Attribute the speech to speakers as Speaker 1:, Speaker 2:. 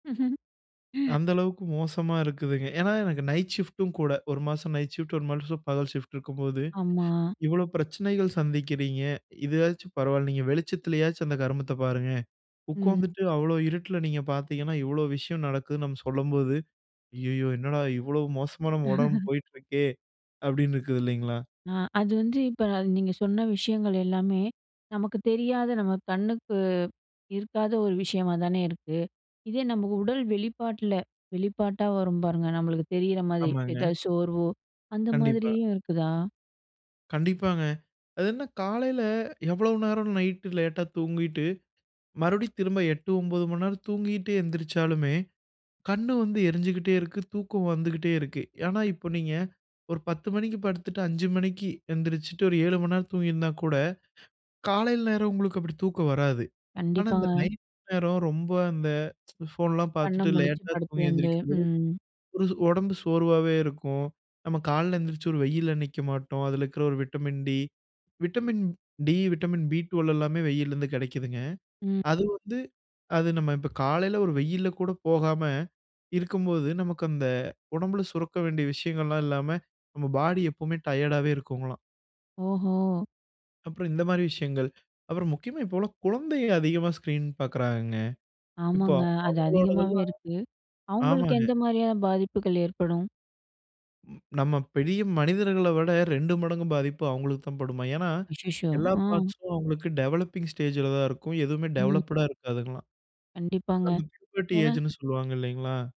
Speaker 1: அந்த அளவுக்கு மோசமா இருக்குதுங்க. ஏன்னா, எனக்கு நைட் ஷிஃப்ட்டும் கூட. ஒரு மாதம் நைட் ஷிஃப்ட் ஒரு மாசம் பகல் ஷிஃப்ட் இருக்கும்போது,
Speaker 2: ஆமா.
Speaker 1: இவ்ளோ பிரச்சனைகள் சந்திக்கிறீங்க! இதுவாச்சும் பரவாயில்ல. நீங்க வெளிச்சத்திலேயாச்சும் அந்த கருமத்த பாருங்க!
Speaker 2: ம்.
Speaker 1: உட்காந்துட்டு, அவ்ளோ இருட்டுல நீங்க பார்த்தீங்கன்னா, இவ்ளோ விஷயம் நடக்குதுன்னு நம்ம சொல்லும்போது, அய்யய்யோ! என்னடா! இவ்ளோ மோசமா நம்ம உடம்பு போயிட்டுருக்கே அப்பிடின்னு இருக்குது இல்லேங்களா!
Speaker 2: ஆ, அது வந்து, இப்ப அது நீங்க சொன்ன விஷயங்கள் எல்லாமே நமக்குத் தெரியாத நம்ம கண்ணுக்கு இருக்காத ஒரு விஷயமா தானே இருக்கு. இதே நமக்கு உடல் வெளிப்பாட்டுல, வெளிப்பாட்டா வரும் பாருங்க! நம்மளுக்கு தெரியிறமாரி.
Speaker 1: ஆமாங்க.
Speaker 2: எத சோர்வோ! அந்த
Speaker 1: கண்டிப்பா.
Speaker 2: மாதிரியும் இருக்குதா?
Speaker 1: கண்டிப்பாங்க. அது என்ன காலையில எவ்ளோ நேரம் நைட் லேட்டா தூங்கிட்டு, மறுபடி திரும்ப 8:00, 9:00 மணி நேரம் தூங்கிட்டே எந்திரிச்சாலுமே! கண்ணு வந்து எரிஞ்சுகிட்டே இருக்கு. தூக்கம் வந்துகிட்டே இருக்கு. ஆனா, இப்ப நீங்க ஒரு 10:00 மணிக்கி படுத்துட்டு 5:00 மணிக்கி எந்திரிச்சுட்டு ஒரு 7:00 மணி நேரம் தூங்கியிருந்தா கூட, காலையில் நேரம் உங்களுக்கு அப்பிடி தூக்கம் வராது. ஆனா, இந்த
Speaker 2: கண்டிப்பாங்க.
Speaker 1: நைட் நேரம் ரொம்ப அந்த ஃபோன்லாம்
Speaker 2: கண்ண
Speaker 1: பார்த்துட்டு
Speaker 2: முழிச்சு
Speaker 1: லேட்டா தூங்கி
Speaker 2: படுத்ததுலருந்து,
Speaker 1: எழுந்திரிக்கும் போது,
Speaker 2: ம்.
Speaker 1: ஒரு உடம்பு சோர்வாவே இருக்கும். நம்ம காலையில எழுந்திரிச்சு ஒரு வெயில்ல நிக்க மாட்டோம். அதில இருக்கிற ஒரு vitamin D, vitamin D, vitamin B 12 எல்லாமே வெய்யிலருந்து கிடைக்குதுங்க.
Speaker 2: ம்.
Speaker 1: அது வந்து அது நம்ம இப்ப காலையில ஒரு வெயில்ல கூட போகாம, இருக்கும்போது, நமக்கு அந்த உடம்புல சுரக்க வேண்டிய விஷயங்கள்லாம் இல்லாம நம்ம பாடி எப்பவுமே டயர்டாவே இருக்குங்கலாம்.
Speaker 2: ஓஹோ!
Speaker 1: அப்புறம் இந்தமாரி விஷயங்கள். அப்புறம் முக்கியமா இப்போவெல்லாம் குழந்தை அதிகமா ஸ்கிரீன் பார்க்குறாங்கங்க. இப்போ
Speaker 2: ஆமாங்க. அது
Speaker 1: அவர்களோடது
Speaker 2: அதிகமாவே
Speaker 1: எல்லாம்,
Speaker 2: இருக்கு. அவுங்களுக்கு
Speaker 1: ஆமாங்க.
Speaker 2: எந்த மாதிரியா பாதிப்புகள் ஏற்படும்?
Speaker 1: ம் நம்ம பெரிய மனிதர்கள விட 2 மடங்கு பாதிப்பு அவுங்களுக்கு தான் படுமா. ஏன்னா,
Speaker 2: அச்சச்சோ!
Speaker 1: எல்லா
Speaker 2: ம்.
Speaker 1: பார்ட்ஸ்ம் அவுங்களுக்கு டெவலப்பிங் ஸ்டேஜ்ல தான் இருக்கும். எதுவுமே
Speaker 2: ம்.
Speaker 1: டெவலப்டுடா இருக்காதுங்ககலாம்.
Speaker 2: கண்டிப்பாங்க.
Speaker 1: அந்த பூபர்டி
Speaker 2: ஏன்னா
Speaker 1: ஏஜ்ன்னு சொல்லுவாங்க இல்லேங்களா!